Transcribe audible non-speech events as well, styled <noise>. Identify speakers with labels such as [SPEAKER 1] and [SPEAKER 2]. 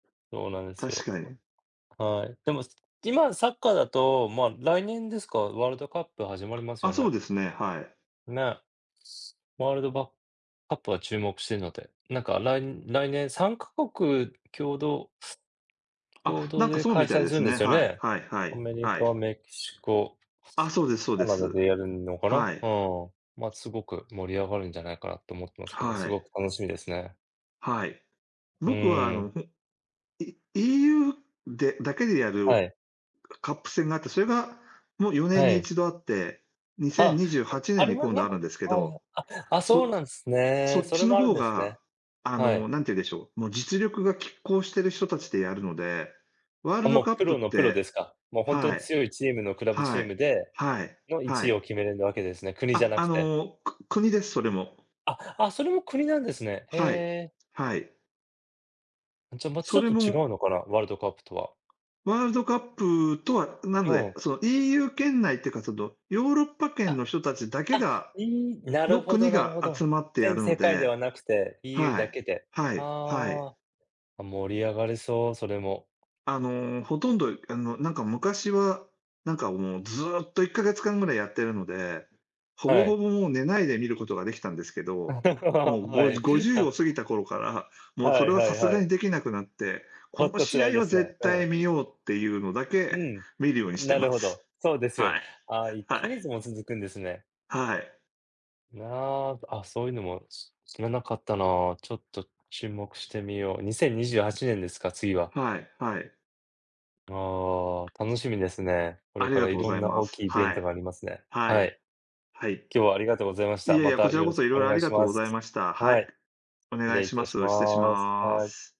[SPEAKER 1] そうなんです
[SPEAKER 2] 確
[SPEAKER 1] よ。
[SPEAKER 2] か
[SPEAKER 1] ほ
[SPEAKER 2] に。
[SPEAKER 1] んはい、でも、今サッカーだと、まあ、来年ですか、ワールドカップ始まります
[SPEAKER 2] あ、
[SPEAKER 1] よ
[SPEAKER 2] そう
[SPEAKER 1] ね。
[SPEAKER 2] ですね、はい。
[SPEAKER 1] ね。ワールドバカップは注目してるので。なんか、来来年3カ国共同。共
[SPEAKER 2] あ、
[SPEAKER 1] 同
[SPEAKER 2] なんか
[SPEAKER 1] で
[SPEAKER 2] そう
[SPEAKER 1] 開
[SPEAKER 2] みたい
[SPEAKER 1] 催
[SPEAKER 2] で
[SPEAKER 1] する
[SPEAKER 2] す
[SPEAKER 1] んで
[SPEAKER 2] ね。
[SPEAKER 1] すよ
[SPEAKER 2] はい
[SPEAKER 1] ね。
[SPEAKER 2] はいは
[SPEAKER 1] ア
[SPEAKER 2] い、
[SPEAKER 1] メリ
[SPEAKER 2] は
[SPEAKER 1] カ、
[SPEAKER 2] い。
[SPEAKER 1] メキシコ、
[SPEAKER 2] あ、そうですそう
[SPEAKER 1] カ
[SPEAKER 2] で
[SPEAKER 1] ナダ
[SPEAKER 2] す。
[SPEAKER 1] でやるのかな。
[SPEAKER 2] は
[SPEAKER 1] う
[SPEAKER 2] い。
[SPEAKER 1] ん。まあ、すごく盛り上がるんじゃないかなと思ってますけど、
[SPEAKER 2] は
[SPEAKER 1] す
[SPEAKER 2] い。
[SPEAKER 1] ごく楽しみですね。
[SPEAKER 2] はい。
[SPEAKER 1] う
[SPEAKER 2] 僕はあ
[SPEAKER 1] ーん。
[SPEAKER 2] の、ほい EU で、だけでや
[SPEAKER 1] は
[SPEAKER 2] る、
[SPEAKER 1] い。
[SPEAKER 2] カップ戦があって、それがもう4年
[SPEAKER 1] は
[SPEAKER 2] にい
[SPEAKER 1] い。
[SPEAKER 2] ちどあって、にじ
[SPEAKER 1] あ、ん、
[SPEAKER 2] ゅうはちね
[SPEAKER 1] あ
[SPEAKER 2] ん
[SPEAKER 1] れ
[SPEAKER 2] に
[SPEAKER 1] は
[SPEAKER 2] 今度
[SPEAKER 1] な
[SPEAKER 2] は
[SPEAKER 1] ん
[SPEAKER 2] ある
[SPEAKER 1] か、
[SPEAKER 2] んですけ
[SPEAKER 1] はいはい
[SPEAKER 2] ど、
[SPEAKER 1] ああ、そう
[SPEAKER 2] そ
[SPEAKER 1] なんす
[SPEAKER 2] そ
[SPEAKER 1] ね。
[SPEAKER 2] っ
[SPEAKER 1] それ
[SPEAKER 2] ちの
[SPEAKER 1] もあるん
[SPEAKER 2] 方
[SPEAKER 1] ですね。
[SPEAKER 2] が、あ
[SPEAKER 1] は
[SPEAKER 2] の、
[SPEAKER 1] い。
[SPEAKER 2] 何て言うんでしょう、もう実力が拮抗している人達でやるので、ワール
[SPEAKER 1] あ、
[SPEAKER 2] ド
[SPEAKER 1] もう
[SPEAKER 2] カッ
[SPEAKER 1] プ
[SPEAKER 2] プ
[SPEAKER 1] ロ
[SPEAKER 2] っ
[SPEAKER 1] のプロ
[SPEAKER 2] て
[SPEAKER 1] ですか。もうほんとに
[SPEAKER 2] はい、
[SPEAKER 1] 強いチームのクラブチ
[SPEAKER 2] は
[SPEAKER 1] ーム
[SPEAKER 2] い、
[SPEAKER 1] で、
[SPEAKER 2] はい、
[SPEAKER 1] のい
[SPEAKER 2] は
[SPEAKER 1] ちいを
[SPEAKER 2] い。
[SPEAKER 1] 決めれるわけですね、国じゃ
[SPEAKER 2] あ、
[SPEAKER 1] な
[SPEAKER 2] あ
[SPEAKER 1] くて。
[SPEAKER 2] の、く国です、それも。
[SPEAKER 1] あ、あ、それも国なんですね。へ
[SPEAKER 2] はい、
[SPEAKER 1] え。
[SPEAKER 2] はい。
[SPEAKER 1] じゃあ、またち
[SPEAKER 2] そ
[SPEAKER 1] ょっ
[SPEAKER 2] れ
[SPEAKER 1] と違
[SPEAKER 2] も
[SPEAKER 1] うのかな、ワールドカップとは。
[SPEAKER 2] ワールドカップとはな
[SPEAKER 1] う
[SPEAKER 2] ので、
[SPEAKER 1] ん。
[SPEAKER 2] その EU 圏内っていうか、そのヨーロッパ圏
[SPEAKER 1] あ、
[SPEAKER 2] の人たちだけ
[SPEAKER 1] あ、
[SPEAKER 2] が
[SPEAKER 1] いい、なる
[SPEAKER 2] の
[SPEAKER 1] ほど
[SPEAKER 2] 国
[SPEAKER 1] なる
[SPEAKER 2] が
[SPEAKER 1] ほ
[SPEAKER 2] 集
[SPEAKER 1] ど。
[SPEAKER 2] まってや
[SPEAKER 1] 全
[SPEAKER 2] るの
[SPEAKER 1] 世界で
[SPEAKER 2] で、
[SPEAKER 1] はなくて、EU
[SPEAKER 2] は
[SPEAKER 1] だ
[SPEAKER 2] い、
[SPEAKER 1] けで。
[SPEAKER 2] はい、はい。
[SPEAKER 1] ああ、あ、盛り上がれそう、それも
[SPEAKER 2] あの、ほとんど、あの、なんか昔は、なんかもう、ずっと1ヶ月間ぐらいやってるので、ほぼ
[SPEAKER 1] は
[SPEAKER 2] ほ
[SPEAKER 1] い。
[SPEAKER 2] ぼ、もう寝ないで見ることができたんですけ
[SPEAKER 1] <laughs>
[SPEAKER 2] ど、もう、
[SPEAKER 1] は
[SPEAKER 2] ご
[SPEAKER 1] い
[SPEAKER 2] 50
[SPEAKER 1] は。
[SPEAKER 2] を過ぎた頃から、もう、そ
[SPEAKER 1] は
[SPEAKER 2] れ
[SPEAKER 1] い
[SPEAKER 2] は
[SPEAKER 1] は
[SPEAKER 2] さ
[SPEAKER 1] い
[SPEAKER 2] すが
[SPEAKER 1] は
[SPEAKER 2] に
[SPEAKER 1] い。
[SPEAKER 2] できなくなって、こ
[SPEAKER 1] ほん
[SPEAKER 2] の
[SPEAKER 1] と
[SPEAKER 2] 試
[SPEAKER 1] 辛い
[SPEAKER 2] 合
[SPEAKER 1] で
[SPEAKER 2] は
[SPEAKER 1] すね、
[SPEAKER 2] 絶
[SPEAKER 1] う
[SPEAKER 2] 対
[SPEAKER 1] ん。
[SPEAKER 2] 見ようっていうのだ
[SPEAKER 1] う
[SPEAKER 2] け
[SPEAKER 1] ん。
[SPEAKER 2] 見るようにして
[SPEAKER 1] なる
[SPEAKER 2] ま
[SPEAKER 1] ほ
[SPEAKER 2] す。
[SPEAKER 1] ど。そうですよ。
[SPEAKER 2] はい、
[SPEAKER 1] ああ、いっ
[SPEAKER 2] は
[SPEAKER 1] か
[SPEAKER 2] い。
[SPEAKER 1] げつも続くんですね。
[SPEAKER 2] はい。
[SPEAKER 1] いあ、あ、そういうのも知らなかったな。ちょっと注目してみよう。2028年ですか、次は。
[SPEAKER 2] はいはい。
[SPEAKER 1] ああ、楽しみですね。こ
[SPEAKER 2] あ
[SPEAKER 1] れ
[SPEAKER 2] り
[SPEAKER 1] か
[SPEAKER 2] が
[SPEAKER 1] ら
[SPEAKER 2] とう
[SPEAKER 1] い
[SPEAKER 2] ご
[SPEAKER 1] ろ
[SPEAKER 2] ざ
[SPEAKER 1] ん
[SPEAKER 2] い
[SPEAKER 1] な
[SPEAKER 2] ま
[SPEAKER 1] 大
[SPEAKER 2] す。
[SPEAKER 1] きいイベ
[SPEAKER 2] は
[SPEAKER 1] ント
[SPEAKER 2] い。
[SPEAKER 1] がありますね。
[SPEAKER 2] は
[SPEAKER 1] は
[SPEAKER 2] い、
[SPEAKER 1] い。
[SPEAKER 2] はい。
[SPEAKER 1] 今日はありがとうございまし
[SPEAKER 2] い
[SPEAKER 1] た。
[SPEAKER 2] やい
[SPEAKER 1] ま
[SPEAKER 2] や、こ
[SPEAKER 1] た
[SPEAKER 2] ちら
[SPEAKER 1] よ
[SPEAKER 2] こ
[SPEAKER 1] ろし
[SPEAKER 2] そ
[SPEAKER 1] く
[SPEAKER 2] 色
[SPEAKER 1] お
[SPEAKER 2] 々あ
[SPEAKER 1] 願い
[SPEAKER 2] り
[SPEAKER 1] し
[SPEAKER 2] がとう
[SPEAKER 1] ま
[SPEAKER 2] ござい
[SPEAKER 1] す。
[SPEAKER 2] ました。は
[SPEAKER 1] は
[SPEAKER 2] い。
[SPEAKER 1] い。
[SPEAKER 2] お
[SPEAKER 1] 失
[SPEAKER 2] 願い
[SPEAKER 1] 礼い
[SPEAKER 2] し
[SPEAKER 1] た
[SPEAKER 2] ま
[SPEAKER 1] し
[SPEAKER 2] す。失礼し
[SPEAKER 1] ます、
[SPEAKER 2] ま
[SPEAKER 1] はい。
[SPEAKER 2] す。